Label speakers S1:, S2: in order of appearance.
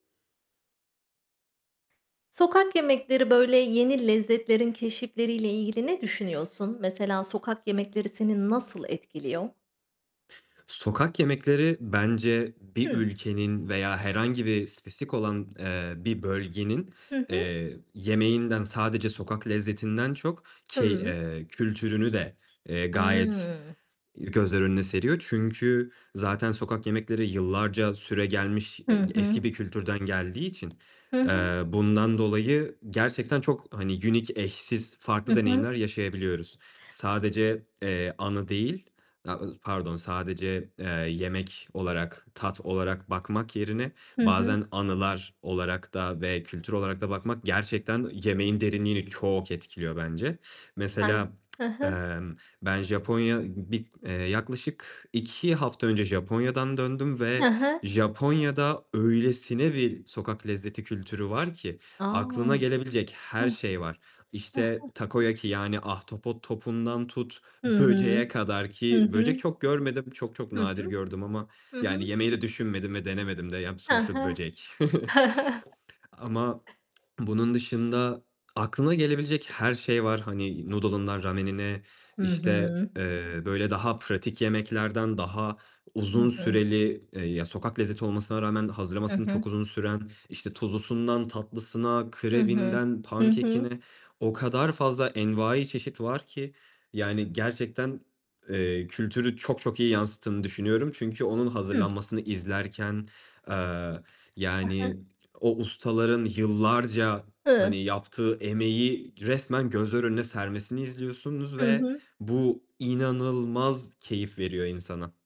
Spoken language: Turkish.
S1: Sokak yemekleri, böyle, yeni lezzetlerin keşifleriyle ilgili ne düşünüyorsun? Mesela sokak yemekleri seni nasıl etkiliyor?
S2: Sokak yemekleri bence bir
S1: Hı.
S2: ülkenin veya herhangi bir spesifik olan, eee, bir bölgenin,
S1: Hı hı.
S2: eee, yemeğinden, sadece sokak lezzetinden çok key
S1: Hıı.
S2: eee, kültürünü de, eee, gayet
S1: Hıı.
S2: gözler önüne seriyor. Çünkü zaten sokak yemekleri yıllarca süregelmiş
S1: Hı
S2: e
S1: hı.
S2: eski bir kültürden geldiği için,
S1: Hı
S2: eee,
S1: hı.
S2: bundan dolayı gerçekten çok hani, unique, eşsiz,
S1: Hı
S2: farklı
S1: hı.
S2: deneyimler yaşayabiliyoruz. Sadece, eee, anı değil, [unintelligible] pardon, sadece, eee, yemek olarak, tat olarak bakmak yerine
S1: Hı hı.
S2: bazen anılar olarak da ve kültür olarak da bakmak gerçekten yemeğin derinliğini çok etkiliyor bence.
S1: [unintelligible] Sen
S2: Mesela,
S1: Hı hı.
S2: emm, ben Japonya bir eee, yaklaşık 2 hafta önce Japonya'dan döndüm
S1: Hı
S2: ve
S1: hı
S2: Japonya'da öylesine bir sokak lezzeti kültürü var ki
S1: A!
S2: aklına gelebilecek her
S1: Hıh.
S2: şey var.
S1: Hı
S2: İşte,
S1: hı.
S2: Takoyaki, yani ahtapot topundan tut,
S1: Hıı.
S2: böceğe kadar
S1: Hı
S2: ki, böcek
S1: hı.
S2: çok görmedim, çok çok
S1: Hı
S2: nadir
S1: hı.
S2: gördüm ama
S1: HI
S2: yani
S1: hı.
S2: yemeyi de düşünmedim ve denemedim de. Yani
S1: Ha
S2: sonuçta
S1: ha.
S2: böcek. Ama, bunun dışında aklına gelebilecek her şey var, hani Noodle'ından, Ramen'ine,
S1: Hı
S2: işte,
S1: hı.
S2: eee, böyle, daha pratik yemeklerden daha uzun
S1: Hı hı.
S2: süreli, ya sokak lezzeti olmasına rağmen
S1: Hı
S2: hazırlaması
S1: hı.
S2: çok uzun süren, işte tuzlusundan tatlısına,
S1: Hı hı.
S2: krebinden
S1: Hı hı.
S2: pankekine o kadar fazla envai çeşit var ki yani, gerçekten, eee, kültürü çok çok iyi yansıttığını düşünüyorum; çünkü onun
S1: Hı.
S2: hazırlanmasını izlerken, eee,
S1: A ha.
S2: yani o ustaların yıllarca,
S1: Hıı.
S2: hani, yaptığı emeği resmen gözler önüne sermesini izliyorsunuz
S1: Hı
S2: ve
S1: hı.
S2: bu inanılmaz keyif veriyor insana.